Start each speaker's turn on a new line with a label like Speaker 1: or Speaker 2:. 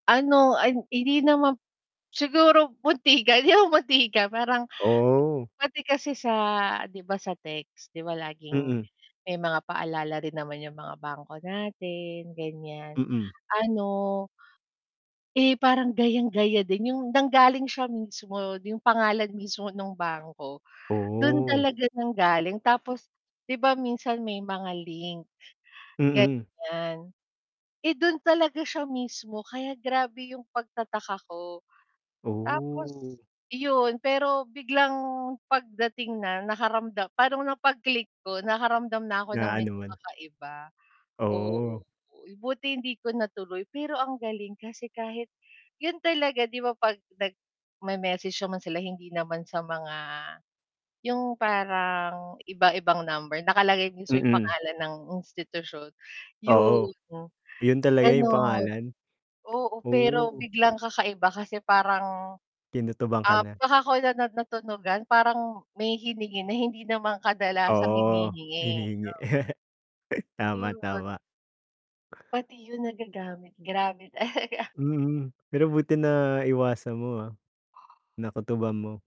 Speaker 1: Ano, ay hindi naman siguro muntikan yung muntikan parang
Speaker 2: Oo.
Speaker 1: pati kasi sa 'di ba sa text 'di ba laging
Speaker 2: Mm.
Speaker 1: may mga paalala rin naman yung mga bangko natin, ganyan.
Speaker 2: Mm.
Speaker 1: Ano eh parang gayang-gaya din yung nanggaling siya mismo yung pangalan mismo ng bangko, dun
Speaker 2: Oo.
Speaker 1: talaga nang galing. Tapos, 'di ba minsan may mga link,
Speaker 2: Mm.
Speaker 1: ganyan. Eh dun talaga siya mismo kaya grabe yung pagtataka ko.
Speaker 2: Oh.
Speaker 1: Tapos yun, pero biglang pagdating na nakaramdam parang nung pag-click ko nakaramdam na ako
Speaker 2: Na
Speaker 1: ng
Speaker 2: ano
Speaker 1: medyo
Speaker 2: man.
Speaker 1: kakaiba. Oo,
Speaker 2: Oo.
Speaker 1: buti hindi ko natuloy. Pero ang galing kasi kahit yun talaga 'di ba, pag nag may message naman sila hindi naman sa mga yung parang, iba-ibang number nakalagay sa pangalan din dun yung
Speaker 2: Mm.
Speaker 1: pangalan ng institusyon, yun,
Speaker 2: Oo, yun talaga yung
Speaker 1: ganon.
Speaker 2: pangalan?
Speaker 1: Oo, pero
Speaker 2: Oo.
Speaker 1: biglang kakaiba kasi parang
Speaker 2: Kinutuban ka
Speaker 1: um
Speaker 2: na.
Speaker 1: saka ko lang na na natunugan parang, may hiningi na hindi naman kadalasang
Speaker 2: Oo,
Speaker 1: hinihingi.
Speaker 2: hinihingi.
Speaker 1: [unintelligible]
Speaker 2: Tama,
Speaker 1: Yun.
Speaker 2: tama.
Speaker 1: Pati yun nagagamit grabe talaga.
Speaker 2: Mhm, pero buti na iwasan mo, ah. Nakutuban mo.